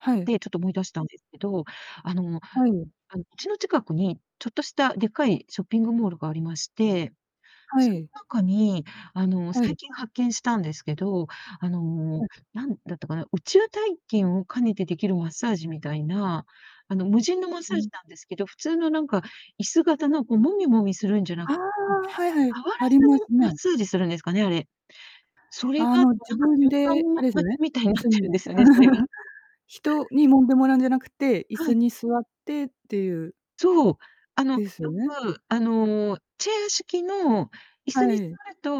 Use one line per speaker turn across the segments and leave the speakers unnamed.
はい。
で、ちょっと思い出したんですけど、あの
はい。
あの家の近くに、ちょっとしたでっかいショッピングモールがありまして、
は
そん
い。
中に、あの、
はい。
最近発見したんですけど、あの、
はい。
何だったかな、宇宙体験を兼ねてできるマッサージみたいな、あの、無人のマッ
う
サージ
ん。
なんですけど、普通のなんか椅子型のこう、もみもみするんじゃな
あ
うん、
あ、はいはい、
触ら
あり
ず
ま
に
す
マッ
ね。
サージするんですかね、あれ。それ
あ
がなん
の、
か
自分
旅館
で
の
あ
わ
れすよ
つ
ね、
みたいに
椅
なっ
子
てるん
に。
ですよね、それが。
人に揉んでもらうんじゃなくて、椅
は
子
い。
に座ってっていう。
そう、あの、
です
よ
ね。
く、あの、チェア式の椅
は
子に座
い。
ると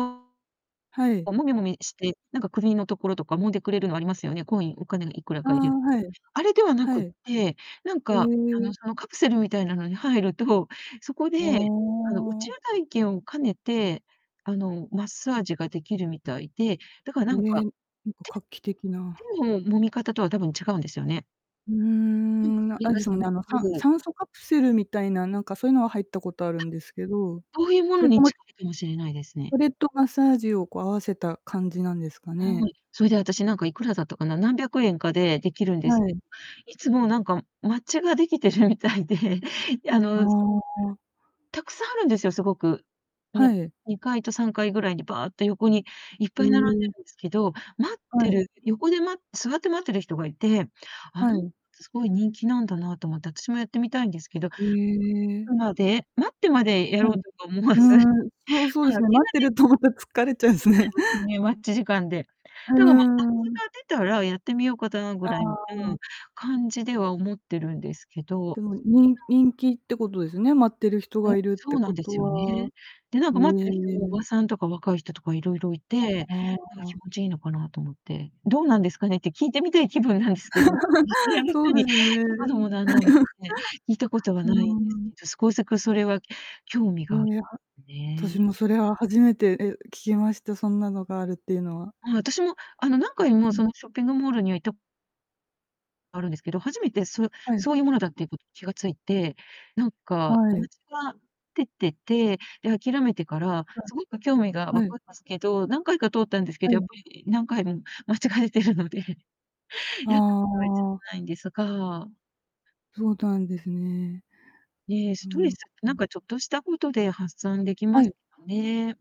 はい。
こうもみもみして、なんか首のところとか、揉んでくれるのありますよね、コイン、お金がいくら
ああ、
か入れると。
はい。
あれではな
は
くっ
い。
て、なんか、あの、
え。
そのカプセルみたいなのに入ると、そこで、
あ、
あの、宇
お
宙
お。
体験を兼ねて、あの、マッサージが出来るみたいで、だからなんか、
ね、なんか画期的
手
な。
手の揉み方とは多分違うんですよね。
うー
なん
ん、む
かそ
な、
れ
あれ
が
で
す
すもん
ご
ね、あのさん
く
酸素カプセルみたいな、なんかそういうのは入ったことあ
あ、
るんですけど、
そういうも
そ
の
れと
に
マ
近いかもしれないですね。
それとマッサージをこう合わせた感じなんですか
は
ね？
い。それであたしなんかいくらだったかな、何百円かでできるんです
は
け
い。
ど、いつもなんか ができてるみたいで、あ
あ
の、その
あ。
たくさんあるんですよ、すごく。ね、
はい。
2階と3階ぐらいにばーっと横にいっ
え
ぱい並んで
え。
るんですけど、待っ
は
て
い。
る、横でま座って待ってる人がいて、あ
は
な
い。
つ、すごい人気なんだなと思って、私もやってみたいんですけど
へ え。
うまで、待ってまでや
ふ
ろう
ん。
とか思わ
う
ず、まあ、
ーん、そうそうですね、
き
待っ
な
て
り
るとまた疲れちゃうんす
疲れ
ね。
ますよね、待ち時間で。
うー
でも、ま、あつ
ん。
が出たらやってみようかたぐ
あ
らいうー
あ。
ん、感じでは思ってるんですけど、
で
そ
も
ういっ
に
た
人気ってことですね、待ってる人
うん、
がいるっ
そ
て
うな
こ
んで
と
すよね。
は。
で、なんか待っ
う
て
え、
る
う
人
え、
もお
う
ばさんとか若い人とか色々いて、
ああ
なんか
ああ。
気持ちいいのかなと思って。「どうなんですかね？」って聞いてみたい気分なんですけど、見知ら ぬ
そう
人
で
に
すね。
聞くのもなんのんで すね、聞いたことは
う
な
ー
いんです
ん。
けど、すこさくそれは興味
え、
があ
は
るん
た
ね。
しもそれは初め、え、聞きました、そんなのがあるっていうのは。
まあ、私もあの何回も
う
そ
ん。
のショッピングモールには行った あるんですけど、初めてそう
はい。
そういうものだっていうこと気が付いて、なんか
はい。
は出てて、で、諦めてから、
う
すごく興味が
ん。
湧
は
く
い。
んですけど、何回か通ったんですけ
は
ど、やっ
い。
ぱり何回も間違えてるので。や
あ
ったことは一度も
あ。
ないんですが。
そうなんですね。
ねえ、
う
ス
ー
トレ
ん。
ス、なんかちょっとしたことで発散でき
は
ます
い。
よね。